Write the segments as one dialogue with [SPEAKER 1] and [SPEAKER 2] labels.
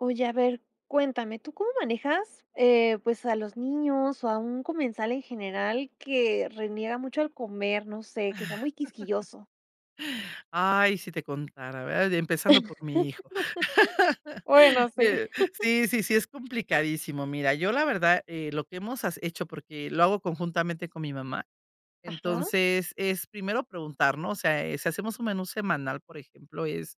[SPEAKER 1] Oye, a ver, cuéntame, ¿tú cómo manejas, eh, pues, a los niños, o, a un comensal en general que reniega mucho al comer? No sé, que sea muy quisquilloso.
[SPEAKER 2] Ay, si te contara, ¿verdad? Empezando por mi hijo.
[SPEAKER 1] Bueno, sí.
[SPEAKER 2] Eh, sí, sí, sí, es complicadísimo. Mira, yo la verdad, eh, lo que has hemos hecho, porque lo hago conjuntamente con mi mamá.
[SPEAKER 1] Ajá.
[SPEAKER 2] Entonces es primero preguntar, ¿no? O sea, si hacemos un menú semanal, por ejemplo, es,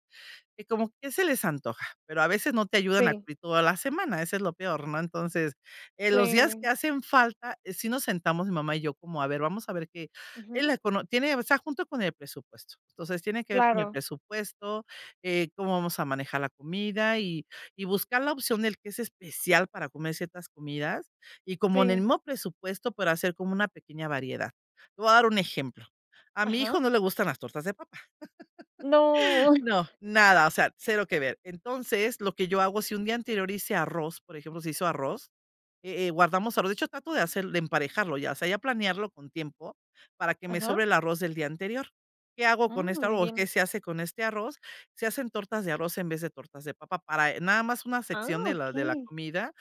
[SPEAKER 2] que como ¿qué se les antoja?, pero a veces no te ayudan a
[SPEAKER 1] Sí.
[SPEAKER 2] cubrir toda la semana. Eso es lo peor, ¿no? Entonces, en los días que
[SPEAKER 1] Sí.
[SPEAKER 2] hacen falta, si nos sentamos mi mamá y yo como a ver, vamos a ver que en
[SPEAKER 1] Ujú.
[SPEAKER 2] la econo tiene, o sea, junto con el presupuesto. Entonces tiene que ver con el
[SPEAKER 1] Claro.
[SPEAKER 2] presupuesto, eh, cómo vamos a manejar la comida, y y buscar la opción del que es especial para comer ciertas comidas, y como en el
[SPEAKER 1] Sí.
[SPEAKER 2] mismo presupuesto para hacer como una pequeña variedad. Te voy a dar un ejemplo. A mi
[SPEAKER 1] Ajá.
[SPEAKER 2] hijo no le gustan las tortas de papa.
[SPEAKER 1] ¡No!
[SPEAKER 2] No, nada, o sea, 0 que ver. Entonces, lo que yo hago, si un día anterior hice arroz, por ejemplo, se hizo arroz, eh eh, guardamos arroz. De hecho, trato de hacer, de emparejarlo, ya sea, ya planearlo con tiempo para que me
[SPEAKER 1] Ajá.
[SPEAKER 2] sobre el arroz del día anterior. ¿Qué hago con
[SPEAKER 1] Mm,
[SPEAKER 2] esta
[SPEAKER 1] muy
[SPEAKER 2] arroz?
[SPEAKER 1] bien.
[SPEAKER 2] ¿Qué se hace con este arroz? Se hacen tortas de arroz en vez de tortas de papa para nada más una
[SPEAKER 1] Ah,
[SPEAKER 2] sección de la de la
[SPEAKER 1] okey.
[SPEAKER 2] comida.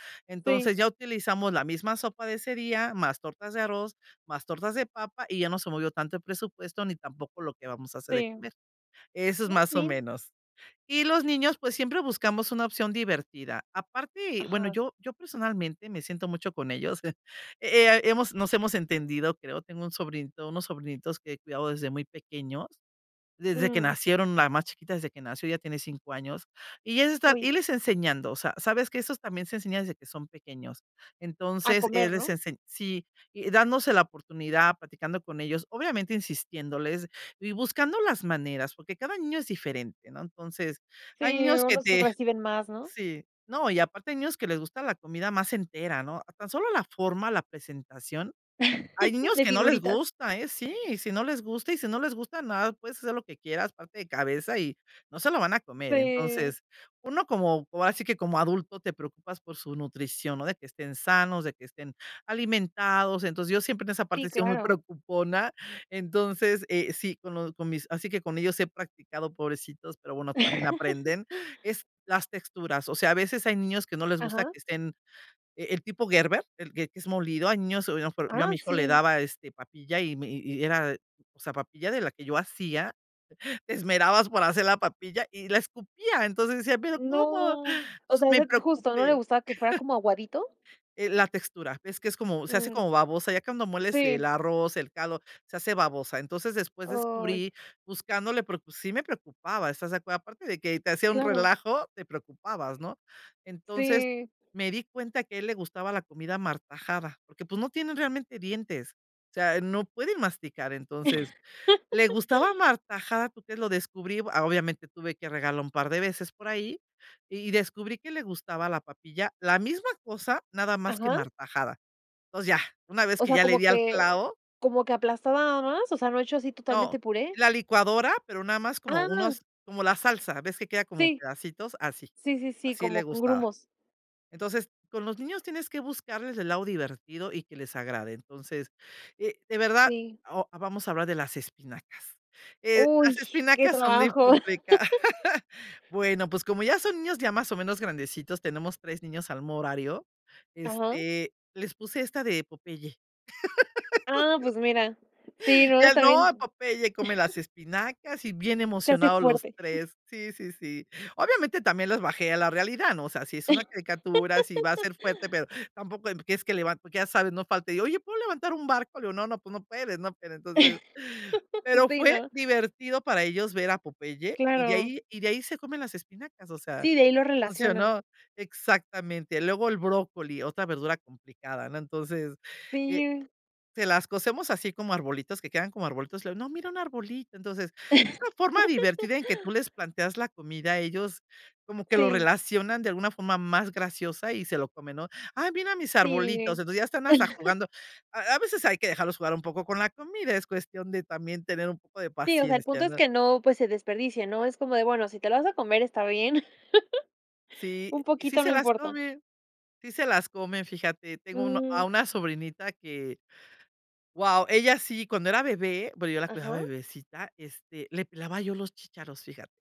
[SPEAKER 1] Sí.
[SPEAKER 2] Entonces ya utilizamos la misma sopa de ese día, más tortas de arroz, más tortas de papa, y ya no se movió tanto el presupuesto, ni tampoco lo que vamos a hacer de
[SPEAKER 1] Sí.
[SPEAKER 2] comer. Eso es
[SPEAKER 1] Oh,
[SPEAKER 2] más
[SPEAKER 1] que
[SPEAKER 2] o
[SPEAKER 1] bien.
[SPEAKER 2] menos. Y los niños, pues, siempre buscamos una opción divertida aparte, bueno,
[SPEAKER 1] Ajá.
[SPEAKER 2] yo yo personalmente me siento mucho con ellos. Eh, eh, hemos nos hemos entendido, creo, tengo un sobrinito unos sobrinitos que he cuidado desde muy pequeños, desde que
[SPEAKER 1] Mm.
[SPEAKER 2] nacieron, la más chiquita desde que nació, ya tiene 5 años, y es estar y
[SPEAKER 1] Uy.
[SPEAKER 2] irles enseñando. O sea, sabes que esos también se enseña desde que son pequeños.
[SPEAKER 1] A
[SPEAKER 2] Entonces, es
[SPEAKER 1] comer,
[SPEAKER 2] re
[SPEAKER 1] ¿no?
[SPEAKER 2] ensen sí, dándose la oportunidad, platicando con ellos, obviamente insistiéndoles y buscando las maneras, porque cada niño es diferente, ¿no? Entonces, hay
[SPEAKER 1] Sí,
[SPEAKER 2] niños que
[SPEAKER 1] unos
[SPEAKER 2] te
[SPEAKER 1] reciben más, ¿no?
[SPEAKER 2] Sí, no, y aparte hay niños que les gusta la comida más entera, ¿no? Tan solo la forma, la presentación. Hay niños
[SPEAKER 1] De
[SPEAKER 2] que no les
[SPEAKER 1] figuritas.
[SPEAKER 2] gusta, ¿eh? Sí, si no les gusta, y si no les gusta, nada, puedes hacer lo que quieras, pararte de cabeza y no se lo van a comer.
[SPEAKER 1] Sí.
[SPEAKER 2] Entonces, uno como, ahora si que como adulto, te preocupas por su nutrición, ¿no? De que estén sanos, de que estén alimentados. Entonces, yo siempre en esa
[SPEAKER 1] Sí,
[SPEAKER 2] parte he sido muy
[SPEAKER 1] claro.
[SPEAKER 2] preocupona. Entonces, eh, sí, con lo con mis así que con ellos he practicado, pobrecitos, pero bueno, también aprenden. Es las texturas. O sea, a veces hay niños que no les gusta
[SPEAKER 1] Ajá.
[SPEAKER 2] que estén e el tipo Gerber, el que es molido. Hay niños, a lo mejor yo a
[SPEAKER 1] Ah,
[SPEAKER 2] mi hijo le
[SPEAKER 1] sí.
[SPEAKER 2] daba, este, papilla, y me y era, o sea, papilla de la que yo hacía, te esmerabas por hacer la papilla y la escupía. Entonces decía"Pero, ¿cómo?".
[SPEAKER 1] No, o
[SPEAKER 2] Entonces,
[SPEAKER 1] sea,
[SPEAKER 2] me
[SPEAKER 1] ese justo, ¿no le
[SPEAKER 2] preocupé.
[SPEAKER 1] gustaba que fuera como aguadito?
[SPEAKER 2] Eh, la textura. Es que es como se hace
[SPEAKER 1] Ujú.
[SPEAKER 2] como babosa, ya cuando mueles el
[SPEAKER 1] Sí.
[SPEAKER 2] arroz, el caldo, se hace babosa. Entonces, después
[SPEAKER 1] Ay.
[SPEAKER 2] descubrí buscándole, porque sí me preocupaba. ¿Estas de acuerdo? Aparte de que te hacía un
[SPEAKER 1] Claro.
[SPEAKER 2] relajo, te preocupabas, ¿no? Entonces
[SPEAKER 1] Sí.
[SPEAKER 2] me di cuenta que a él le gustaba la comida martajada, porque, pues, no tienen realmente dientes. O sea, no pueden masticar. Entonces, le gustaba martajada, ¿tú crees? Lo descubrí, obviamente tuve que regarla un par de veces por ahí, y descubrí que le gustaba la papilla, la misma cosa nada más que
[SPEAKER 1] Ajá.
[SPEAKER 2] martajada. Entonces ya, una vez
[SPEAKER 1] O
[SPEAKER 2] que
[SPEAKER 1] sea,
[SPEAKER 2] ya le
[SPEAKER 1] ¿como
[SPEAKER 2] di al
[SPEAKER 1] que
[SPEAKER 2] clavo.
[SPEAKER 1] como que aplastado nada más, o sea, no hecho así
[SPEAKER 2] No,
[SPEAKER 1] totalmente puré?
[SPEAKER 2] la licuadora, pero nada más como
[SPEAKER 1] Ah.
[SPEAKER 2] unos, como la salsa, ves que queda como
[SPEAKER 1] Sí.
[SPEAKER 2] pedacitos así,
[SPEAKER 1] Sí, sí, sí,
[SPEAKER 2] así
[SPEAKER 1] como
[SPEAKER 2] le
[SPEAKER 1] con
[SPEAKER 2] gustaba.
[SPEAKER 1] grumos.
[SPEAKER 2] Entonces, con los niños tienes que buscarles el lado divertido y que les agrade. Entonces, eh, de verdad,
[SPEAKER 1] Sí.
[SPEAKER 2] o, vamos a hablar de las espinacas. Eh, las
[SPEAKER 1] Uy, qué
[SPEAKER 2] espinacas son muy
[SPEAKER 1] trabajo.
[SPEAKER 2] complicadas. Bueno, pues, como ya son niños, ya más o menos grandecitos, tenemos 3 niños al [unintelligible] horario.
[SPEAKER 1] Ajá.
[SPEAKER 2] Este, les puse esta de Popeye.
[SPEAKER 1] Ah, pues mira, sí, ¿no?
[SPEAKER 2] Ya no.
[SPEAKER 1] También
[SPEAKER 2] Popeye come las espinacas, y bien
[SPEAKER 1] Se hace
[SPEAKER 2] emocionados los
[SPEAKER 1] fuerte.
[SPEAKER 2] 3. Sí, sí, sí. Obviamente también les bajé a la realidad, ¿no? O sea, si es una caricatura, si va a ser fuerte, pero tampoco en que es que levanto ya sabes, no falta y de: "Oye, ¿puedo levantar un barco?". Le digo: "No, no, tu no puedes", ¿no? Pero entonces, pero
[SPEAKER 1] Sí,
[SPEAKER 2] fue
[SPEAKER 1] ¿no?
[SPEAKER 2] divertido para ellos ver a Popeye, y de
[SPEAKER 1] Claro.
[SPEAKER 2] ahí y de ahí se comen las espinacas, o sea,
[SPEAKER 1] Sí, de ahí lo relacionan.
[SPEAKER 2] funcionó, exactamente. Luego el brócoli, otra verdura complicada. No, entonces eh,
[SPEAKER 1] Sí.
[SPEAKER 2] se las cocemos así como arbolitos que quedan como arbolitos, luego no, mira un arbolito. Entonces, una forma divertida en que tú les planteas la comida ellos como que lo
[SPEAKER 1] Sí.
[SPEAKER 2] relacionan de alguna forma más graciosa y se lo comen, ¿no? "¡Ay mira mis arbolitos!"
[SPEAKER 1] Sí.
[SPEAKER 2] Entonces ya están hasta jugando. A a veces hay que dejarlos jugar un poco con la comida es cuestión de también tener un poco de
[SPEAKER 1] Sí, o sea, el
[SPEAKER 2] paciencia,
[SPEAKER 1] punto es
[SPEAKER 2] ¿no?
[SPEAKER 1] que no, pues, se desperdicie, ¿no? Es como de, bueno, si te lo vas a comer, está bien.
[SPEAKER 2] Sí,
[SPEAKER 1] Un
[SPEAKER 2] sí
[SPEAKER 1] poquito, no
[SPEAKER 2] se las
[SPEAKER 1] importa.
[SPEAKER 2] comen, sí se las comen, fíjate, tengo uno
[SPEAKER 1] Mm.
[SPEAKER 2] a una sobrinita que guau. Ella sí, cuando era bebé, bueno, yo la cuidaba
[SPEAKER 1] Ajá.
[SPEAKER 2] de bebecita, este, le pelaba yo los chicharos, fíjate.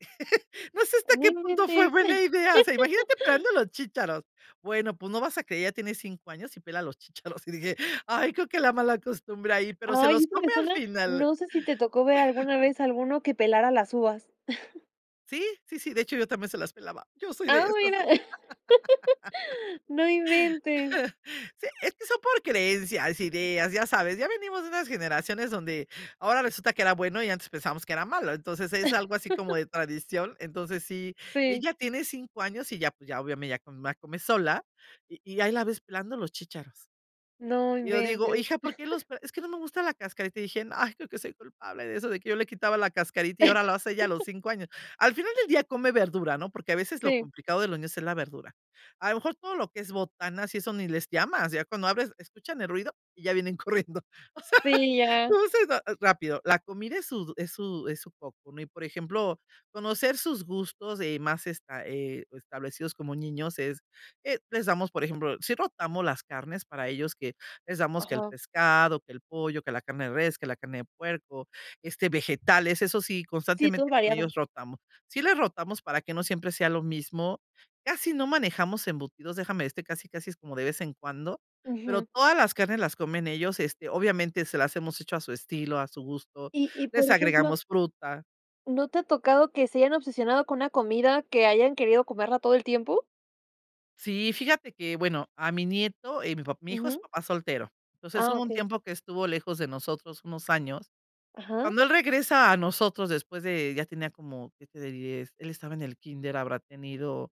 [SPEAKER 2] No sé hasta
[SPEAKER 1] No
[SPEAKER 2] qué punto fue
[SPEAKER 1] inventes.
[SPEAKER 2] buena idea, o sea, imagínate pelando los chícharos. Bueno, pues, no vas a creer, ya tienes 5 años, y pela los chícharos. Y dije: "Ay creo que la malacostumbre ahí", pero se
[SPEAKER 1] Ay,
[SPEAKER 2] los
[SPEAKER 1] eso me
[SPEAKER 2] come al
[SPEAKER 1] suena
[SPEAKER 2] final.
[SPEAKER 1] no sé si te tocó ver alguna vez alguno que pelara las uvas.
[SPEAKER 2] Sí. Sí, sí, de hecho yo también se las pelaba. Yo soy de
[SPEAKER 1] Ah,
[SPEAKER 2] esas,
[SPEAKER 1] bueno.
[SPEAKER 2] sí.
[SPEAKER 1] No inventes.
[SPEAKER 2] Sí, es que son por creencias, ideas, ya sabes, ya venimos de unas generaciones donde ahora resulta que era bueno y antes pensamos que era malo. Entonces, es algo así como de tradición. Entonces sí
[SPEAKER 1] Sí.
[SPEAKER 2] ella tiene 5 años y ya pues, ya obviamente ya come más come sola y y ahí la ves pelando los chícharos.
[SPEAKER 1] No
[SPEAKER 2] Y yo digo:
[SPEAKER 1] inventes.
[SPEAKER 2] "Hija, ¿por qué los pel? Es que no me gusta la cascarita", y dije, ay, creo que soy culpable de eso, de que yo le quitaba la cascarita y ahora lo hace ella a los 5 años. Al final del día come verdura, ¿no? Porque a veces lo
[SPEAKER 1] Sí.
[SPEAKER 2] complicado de los niños es la verdura. A lo mejor todo lo que es botanas y eso ni les llamas, ya cuando abres, escuchan el ruido y ya vienen corriendo. O sea,
[SPEAKER 1] Sí, ya.
[SPEAKER 2] lo hacen ra rápido, la comida es su es su es su foco, ¿no? Y por ejemplo, conocer sus gustos, eh, más esta, eh, establecidos como niños es, eh, les damos, por ejemplo sí rotamos las carnes para ellos que les damos que el
[SPEAKER 1] Ajá.
[SPEAKER 2] pescado, que el pollo, que la carne de res, que la carne puerco, este, vegetales. Eso sí,
[SPEAKER 1] Sí, todo
[SPEAKER 2] constantemente con
[SPEAKER 1] variado.
[SPEAKER 2] ellos rotamos. Sí les rotamos para que no siempre sea lo mismo. Casi no manejamos embutidos, déjame este, casi casi es como de vez en cuando, pero
[SPEAKER 1] Ujú.
[SPEAKER 2] todas las carnes las comen ellos este, obviamente, se las hemos hecho a su estilo, a su gusto,
[SPEAKER 1] Y y por
[SPEAKER 2] les
[SPEAKER 1] ejemplo
[SPEAKER 2] agregamos fruta.
[SPEAKER 1] ¿No te ha tocado que se hayan obsesionado con una comida que hayan querido comerla todo el tiempo?
[SPEAKER 2] Sí, fíjate que, bueno, a mi nieto, eh, mi papá mi hijo es
[SPEAKER 1] Ujú.
[SPEAKER 2] papá soltero. Entonces,
[SPEAKER 1] Ah,
[SPEAKER 2] hubo un
[SPEAKER 1] okey.
[SPEAKER 2] tiempo que estuvo lejos de nosotros unos años.
[SPEAKER 1] Ajá.
[SPEAKER 2] Cuando él regresa a nosotros después de ya tenía como, que te diré, él estaba en el kínder, habrá tenido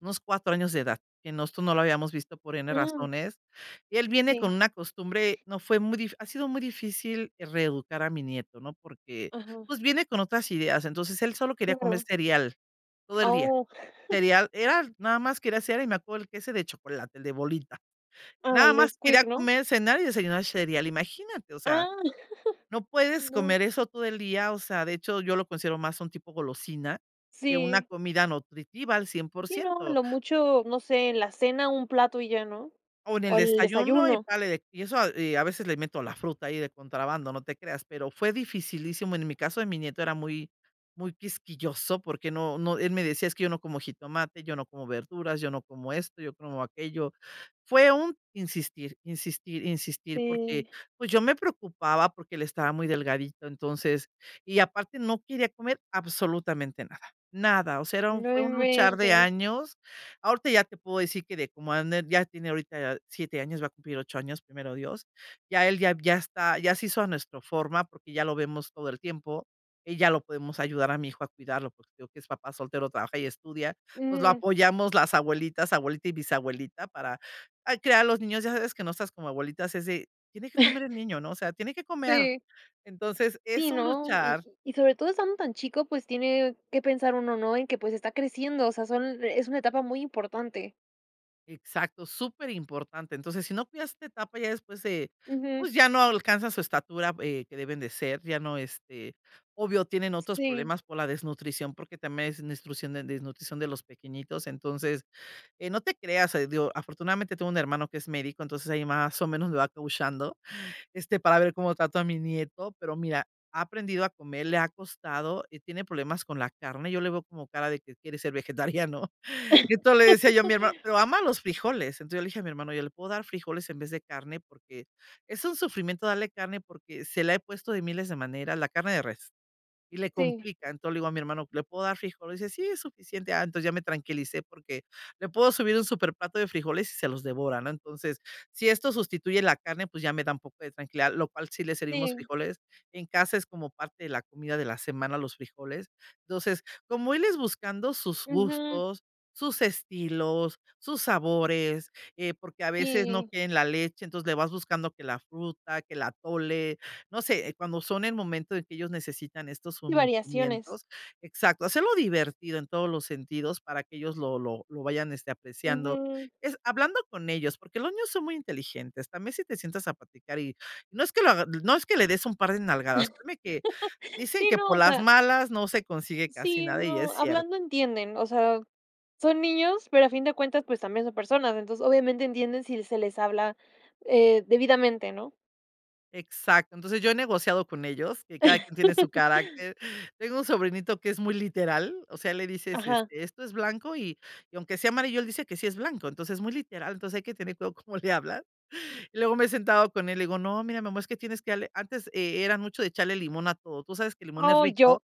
[SPEAKER 2] unos 4 años de edad, que nosotros no lo habíamos visto por N
[SPEAKER 1] Mm.
[SPEAKER 2] razones. Él viene con
[SPEAKER 1] Sí.
[SPEAKER 2] una costumbre, no fue muy difícil ha sido muy difícil reeducar a mi nieto, ¿no? Porque,
[SPEAKER 1] Ajá.
[SPEAKER 2] pues, viene con otras ideas. Entonces, él solo quería comer
[SPEAKER 1] Claro.
[SPEAKER 2] cereal, todo
[SPEAKER 1] Ah,
[SPEAKER 2] el día.
[SPEAKER 1] o
[SPEAKER 2] Cereal, era nada más quería el cere y me acuerdo, el que ese de chocolate, el de bolita
[SPEAKER 1] Ah,
[SPEAKER 2] nada
[SPEAKER 1] el
[SPEAKER 2] más.
[SPEAKER 1] Nesquik,
[SPEAKER 2] Quería
[SPEAKER 1] ¿no?
[SPEAKER 2] comer, cenar y desayunar cereal, imagínate, o sea,
[SPEAKER 1] Ah.
[SPEAKER 2] no puedes
[SPEAKER 1] No.
[SPEAKER 2] comer eso todo el día, o sea, de hecho yo lo considero más un tipo golosina que una
[SPEAKER 1] Sí.
[SPEAKER 2] comida nutritiva al cien por
[SPEAKER 1] Sí, no, a
[SPEAKER 2] ciento.
[SPEAKER 1] lo mucho, no sé, en la cena, un plato, y ya, ¿no?
[SPEAKER 2] O en
[SPEAKER 1] O,
[SPEAKER 2] el
[SPEAKER 1] al
[SPEAKER 2] desayuno, y
[SPEAKER 1] desayuno.
[SPEAKER 2] párale de y eso, y a veces le meto la fruta ahí de contrabando, no te creas, pero fue dificilísimo. En mi caso de mi nieto era muy, muy quisquilloso porque no, no, él me decía: "Es que yo no como jitomate, yo no como verduras, yo no como esto, yo como aquello". Fue un insistir, insistir, insistir porque,
[SPEAKER 1] Sí.
[SPEAKER 2] pues, yo me preocupaba porque él estaba muy delgadito, entonces, y aparte no quería comer absolutamente nada, nada. O sea, era un
[SPEAKER 1] No
[SPEAKER 2] fue un luchar de
[SPEAKER 1] inventes.
[SPEAKER 2] años. Ahorita ya te puedo decir que de como [unintelligible] ya tiene ahorita 7 años, va a cumplir 8 años, primero Dios. Ya él, ya ya está ya se hizo a nuestro forma, porque ya lo vemos todo el tiempo. Y ya lo podemos ayudar a mi hijo a cuidarlo, porque te digo que es papá soltero, trabaja y estudia. Entonces lo
[SPEAKER 1] Ujú.
[SPEAKER 2] apoyamos las abuelitas, abuelita y bisabuelita para, ay, criar a los niños. Ya sabes que nosotras como abuelitas, es de: "Tiene que comer el niño", ¿no? O sea, "tiene que comer".
[SPEAKER 1] Sí.
[SPEAKER 2] Entonces
[SPEAKER 1] Sí,
[SPEAKER 2] es un
[SPEAKER 1] no. Y
[SPEAKER 2] luchar.
[SPEAKER 1] y sobre todo estando tan chico, pues, tiene que pensar uno, ¿no? En que, pues, está creciendo, o sea, son es una etapa muy importante.
[SPEAKER 2] Exacto, superimportante, entonces, si no cuidas esta etapa, ya después se,
[SPEAKER 1] Ujú.
[SPEAKER 2] pues, ya no alcanza su estatura, eh, que deben de ser, ya no, este, obvio, tienen otros
[SPEAKER 1] Sí.
[SPEAKER 2] problemas por la desnutrición, porque también es [unintelligible] de desnutrición de los pequeñitos, entonces, no te creas, digo, afortunadamente tengo un hermano que es médico, entonces ahí más o menos le va coacheando, este, para ver cómo trato a mi nieto, pero mira, ha aprendido a comer, le ha costado y tiene problemas con la carne, yo le veo como cara de que quiere ser vegetariano, y entonces le decía yo a mi hermano, pero ama los frijoles, entonces yo le dije a mi hermano: "¿Yo le puedo dar frijoles en vez de carne?", porque es un sufrimiento darle carne porque se le ha puesto de miles de maneras la carne de res, y le
[SPEAKER 1] Sí.
[SPEAKER 2] complican, entonces le digo a mi hermano: "¿Le puedo dar frijoles?", dice: "Sí es suficiente", ah entonces ya me tranquilicé porque le puedo subir un superplato de frijoles y se los devora, ¿no?, entonces si esto sustituye la carne pues ya me da un poco de tranquilidad, lo cual si le servimos
[SPEAKER 1] Sí.
[SPEAKER 2] frijoles en casa, es como parte de la comida de la semana, los frijoles, entonces, como él es buscando sus
[SPEAKER 1] Ujú.
[SPEAKER 2] gustos, sus estilos, sus sabores, eh, porque a veces no
[SPEAKER 1] Sí.
[SPEAKER 2] quieren la leche, entonces le vas buscando que la fruta, que el atole, no sé, cuando son el momento en que ellos necesitan estos,
[SPEAKER 1] Sí,
[SPEAKER 2] [unintelligible]
[SPEAKER 1] variaciones.
[SPEAKER 2] exacto, hacerlo divertido en todos los sentidos para que ellos lo lo lo vayan este apreciando,
[SPEAKER 1] Ujú.
[SPEAKER 2] es hablando con ellos porque los niños son muy inteligentes también si te sientas a platicar y no es que lo hag no es que le des un par de nalgadas, créeme que, dicen
[SPEAKER 1] Sí,
[SPEAKER 2] que
[SPEAKER 1] no,
[SPEAKER 2] por
[SPEAKER 1] o
[SPEAKER 2] las
[SPEAKER 1] sea
[SPEAKER 2] malas no se consigue casi
[SPEAKER 1] sí,
[SPEAKER 2] nada y es
[SPEAKER 1] no,
[SPEAKER 2] cierto.
[SPEAKER 1] hablando entienden, o sea, son niños, pero a fin de cuentas, pues, también son personas, entonces, obviamente, entienden si se les habla, eh, debidamente, ¿no?
[SPEAKER 2] Exacto, entonces yo he negociado con ellos, que cada quien tiene su carácter, tengo un sobrinito que es muy literal, o sea, le dices:
[SPEAKER 1] Ajá.
[SPEAKER 2] "Este, esto es blanco y y aunque sea amarillo, él dice que sí es blanco", entonces, muy literal, entonces hay que tener cuidado cómo le hablan, y luego me he sentado con él, le digo: "No, mira, mi amor, es que tienes que darle", antes e era mucho de echarle limón a todo, tú sabes que el limón es
[SPEAKER 1] Oh, yo.
[SPEAKER 2] rico,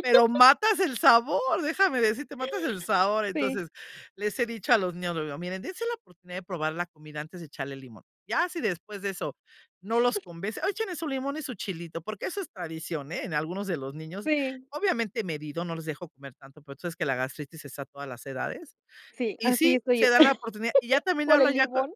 [SPEAKER 2] pero matas el sabor, déjame decirte, matas el sabor.
[SPEAKER 1] Sí.
[SPEAKER 2] Entonces les he dicho a los niños, lo digo: "Miren, dense la oportunidad de probar la comida antes de echarle limón, ya si después de eso no los convence, échenle su limón y su chilito", porque eso es tradición, eh, en algunos de los niños,
[SPEAKER 1] Sí.
[SPEAKER 2] obviamente medido, no les dejo comer tanto, pero tú sabes que la gastritis está a todas las edades,
[SPEAKER 1] Sí,
[SPEAKER 2] y
[SPEAKER 1] así
[SPEAKER 2] sí,
[SPEAKER 1] estoy yo,
[SPEAKER 2] se dan la oportunidad, y ya también
[SPEAKER 1] por el
[SPEAKER 2] hablan ya con
[SPEAKER 1] limón.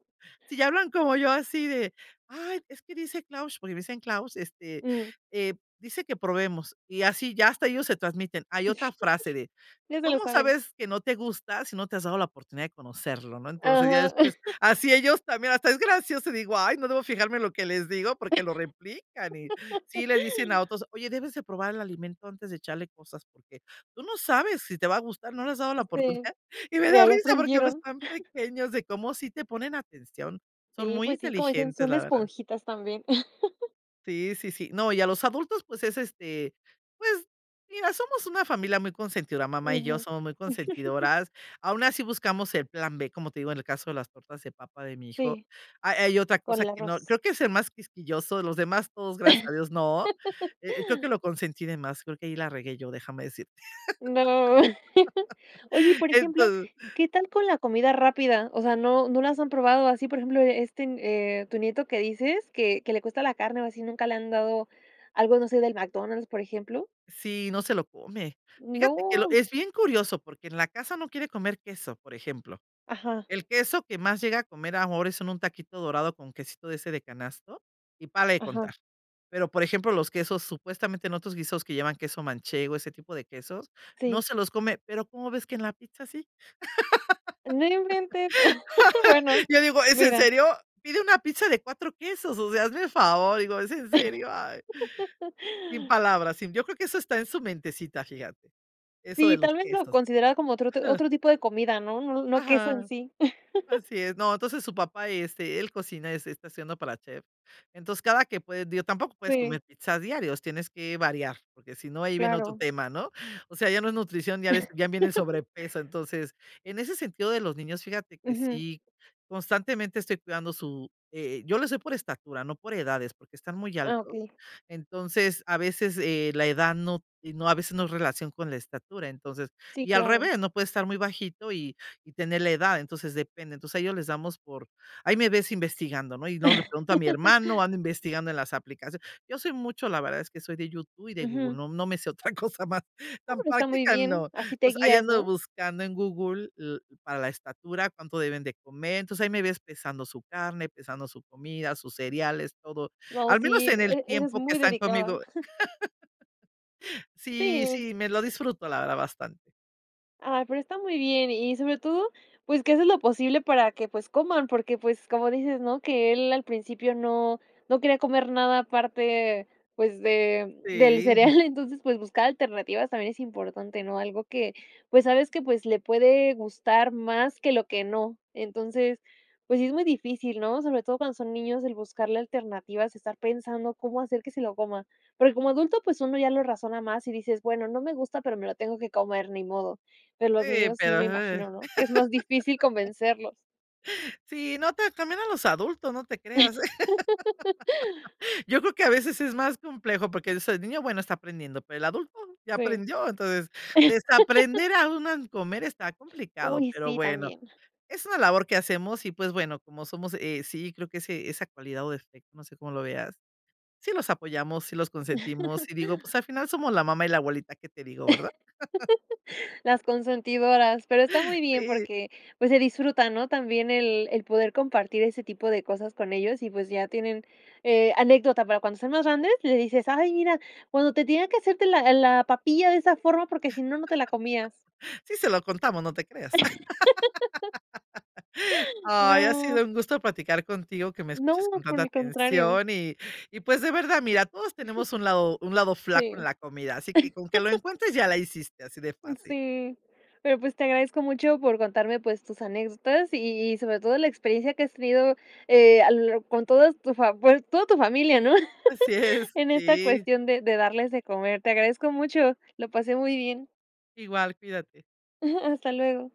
[SPEAKER 2] si ya hablan como yo así de, ay, es que dice Claus, porque me dicen: "Claus", este,
[SPEAKER 1] Mm.
[SPEAKER 2] eh, dice que probemos, y así ya hasta ellos se transmiten. Hay otra frase de:
[SPEAKER 1] Ya se lo
[SPEAKER 2] "¿Cómo
[SPEAKER 1] saben.
[SPEAKER 2] sabes que no te gusta si no te has dado la oportunidad de conocerlo?", ¿no?, entonces, ya
[SPEAKER 1] Ajá.
[SPEAKER 2] después, así ellos también, hasta es gracioso y digo: "Ay no, debo fijarme en lo que les digo, porque lo replican", y sí le dicen a otros: "Oye, debes de probar el alimento antes de echarle cosas, porque tú no sabes si te va a gustar, no le has dado la
[SPEAKER 1] Sí,
[SPEAKER 2] oportunidad", y me da
[SPEAKER 1] mira, ya
[SPEAKER 2] risa porque pues
[SPEAKER 1] aprendieron.
[SPEAKER 2] están pequeños de cómo sí te ponen atención, son
[SPEAKER 1] Sí,
[SPEAKER 2] muy
[SPEAKER 1] pues sí, como dicen,
[SPEAKER 2] inteligentes,
[SPEAKER 1] son
[SPEAKER 2] la verdad.
[SPEAKER 1] esponjitas también.
[SPEAKER 2] Sí, sí, sí. No, y a los adultos, pues es este, pues mira, somos una familia muy consentidora. Mamá y yo
[SPEAKER 1] Ujú.
[SPEAKER 2] somos muy consentidoras. Aún así buscamos el plan B, como te digo, en el caso de las tortas de papa de mi hijo.
[SPEAKER 1] Sí.
[SPEAKER 2] A hay otra
[SPEAKER 1] Con
[SPEAKER 2] cosa
[SPEAKER 1] el
[SPEAKER 2] que no
[SPEAKER 1] arroz.
[SPEAKER 2] creo que es el más quisquilloso de los demás, todos gracias a Dios, no. E eh, creo que lo consentí de más, creo que ahí la regué yo. Déjame decirte,
[SPEAKER 1] ¡No! Oye, y por
[SPEAKER 2] en
[SPEAKER 1] ejemplo,
[SPEAKER 2] todo.
[SPEAKER 1] ¿qué tal con la comida rápida? O sea ¿No no las han probado así, por ejemplo, este, eh, tu nieto que dices, que que le cuesta la carne o así, nunca le han dado algo, no sé, del McDonald's, por ejemplo?
[SPEAKER 2] Si, no se lo come. Fíjate que lo
[SPEAKER 1] ¡No!
[SPEAKER 2] es bien curioso porque en la casa no quiere comer queso, por ejemplo.
[SPEAKER 1] Ajá.
[SPEAKER 2] El queso que más llega a comer ahora es en un taquito dorado con quesito de ese de canasto y párale de
[SPEAKER 1] Ajá.
[SPEAKER 2] contar. Pero, por ejemplo, los quesos supuestamente en otros guisos que llevan queso manchego, ese tipo de quesos, no
[SPEAKER 1] Sí.
[SPEAKER 2] se los come pero, ¿cómo ves que en la pizza sí?
[SPEAKER 1] No inventes, bueno,
[SPEAKER 2] Yo digo: "¿Es en
[SPEAKER 1] mira.
[SPEAKER 2] serio? Pide una pizza de 4 quesos, o sea, hazme el favor, digo, ¿es en serio?" Ay, sin palabras. Sí, yo creo que eso está en su mentecita, fíjate. Eso de
[SPEAKER 1] Sí,
[SPEAKER 2] los
[SPEAKER 1] tal vez lo
[SPEAKER 2] quesos.
[SPEAKER 1] consideraba como otro ti otro tipo de comida, ¿no? No no queso en
[SPEAKER 2] Ajá.
[SPEAKER 1] sí.
[SPEAKER 2] Así es. No, entonces su papá, este, él cocina este, está estudiando para chef. Entonces, cada que puede, digo, tampoco puedes
[SPEAKER 1] Sí.
[SPEAKER 2] comer pizzas diarios, tienes que variar, porque si no, ahí viene otro
[SPEAKER 1] Claro.
[SPEAKER 2] tema, ¿no? O sea, ya no es nutrición diaria, ya viene el sobrepeso. Entonces, en ese sentido de los niños, fíjate que
[SPEAKER 1] Ujú.
[SPEAKER 2] sí, constantemente estoy cuidando su, eh, yo lo se por estatura, no por edades, porque está muy
[SPEAKER 1] Ah,
[SPEAKER 2] alto.
[SPEAKER 1] okey.
[SPEAKER 2] Entonces, a veces eh, la edad no no a veces no es relación con la estatura. Entonces,
[SPEAKER 1] Sí,
[SPEAKER 2] y al
[SPEAKER 1] claro.
[SPEAKER 2] revés, no puede estar muy bajito y y tener la edad. Entonces, depende. Entonces, a ellos les damos por ahí me ves investigando, ¿no? Y si no le pregunto a mi hermano, ando investigando en las aplicacio yo soy mucho la verdad es que soy de YouTube y de Google.
[SPEAKER 1] Ujú.
[SPEAKER 2] No no me sé otra cosa más
[SPEAKER 1] Ah,
[SPEAKER 2] tan
[SPEAKER 1] pero está muy
[SPEAKER 2] práctica,
[SPEAKER 1] bien,
[SPEAKER 2] no.
[SPEAKER 1] así te
[SPEAKER 2] entonces ahí
[SPEAKER 1] guías,
[SPEAKER 2] ando
[SPEAKER 1] ¿no?
[SPEAKER 2] buscando en Google l para la estatura cuánto deben de comer. Entonces, ahí me ves pesando su carne, pesando su comida, sus cereales, todo.
[SPEAKER 1] No,
[SPEAKER 2] Al menos
[SPEAKER 1] sí,
[SPEAKER 2] en el
[SPEAKER 1] e eres
[SPEAKER 2] tiempo que
[SPEAKER 1] muy
[SPEAKER 2] están
[SPEAKER 1] dedicada.
[SPEAKER 2] conmigo. Sí,
[SPEAKER 1] Si.
[SPEAKER 2] sí, me lo disfruto, la verdad, bastante.
[SPEAKER 1] Ay, pero está muy bien, y sobre todo, pues que haces lo posible para que, pues coman, porque, pues como dices, ¿no? Que él al principio no no quería comer nada aparte, pues, de del
[SPEAKER 2] Sí, y
[SPEAKER 1] cereal,
[SPEAKER 2] ya
[SPEAKER 1] entonces, pues, buscar alternativas también es importante, ¿no? Algo que, pues, sabes que, pues, le puede gustar más que lo que no. Entonces, pues, sí es muy difícil, ¿no? Sobre todo cuando son niños, el buscarle alternativas, estar pensando cómo hacer que se lo coma. Porque como adulto, pues, uno ya lo razona más y dices: "Bueno, no me gusta, pero me lo tengo que comer, ni modo". Pero los
[SPEAKER 2] Sí,
[SPEAKER 1] niños sí
[SPEAKER 2] pero
[SPEAKER 1] me
[SPEAKER 2] hay.
[SPEAKER 1] imagino, ¿no? Que es más difícil convencerlos.
[SPEAKER 2] Sí, no te también a los adultos, no te creas, ¿eh? Yo creo que a veces es más complejo porque eso de niño, bueno está aprendiendo, pero el adulto ya
[SPEAKER 1] Sí.
[SPEAKER 2] aprendió, entonces desaprender a un mal comer está complicado,
[SPEAKER 1] Uy,
[SPEAKER 2] pero
[SPEAKER 1] sí,
[SPEAKER 2] bueno.
[SPEAKER 1] también.
[SPEAKER 2] Es una labor que hacemos y pues bueno, como somos, eh, sí creo que ese esa cualidad o defecto, no sé cómo lo veas. Sí los apoyamos, sí los consentimos y digo, pues, al final somos la mamá y la abuelita. Qué te digo, ¿verdad?
[SPEAKER 1] Las consentidoras, pero está muy bien
[SPEAKER 2] Sí.
[SPEAKER 1] porque, pues, se disfruta, ¿no? También el el poder compartir ese tipo de cosas con ellos y, pues, ya tienen, eh, anécdota, para cuando estén más grandes, le dices: "Ay, mira, cuando te tenía que hacerte la la papilla de esa forma, porque si no, no te la comías".
[SPEAKER 2] Sí se lo contamos, no te creas. Ay, ha
[SPEAKER 1] No.
[SPEAKER 2] sido un gusto platicar contigo, que me
[SPEAKER 1] No,
[SPEAKER 2] escuches con
[SPEAKER 1] por
[SPEAKER 2] tanta
[SPEAKER 1] el contrario.
[SPEAKER 2] atención y y pues de verdad, mira, todos tenemos un lado un lado flaco en
[SPEAKER 1] Sí.
[SPEAKER 2] la comida, así que con que lo encuentres ya la hiciste, así de
[SPEAKER 1] Mm,
[SPEAKER 2] fácil.
[SPEAKER 1] sí. Pero, pues, te agradezco mucho por contarme, pues, tus anécdotas y sobre todo, la experiencia que has tenido, eh, a lo lar con todas tu fa bue toda tu familia, ¿no?
[SPEAKER 2] Así es,
[SPEAKER 1] en esta
[SPEAKER 2] sí.
[SPEAKER 1] cuestión de de darles de comer. Te agradezco mucho, lo pasé muy bien.
[SPEAKER 2] Igual, cuídate.
[SPEAKER 1] Hasta luego.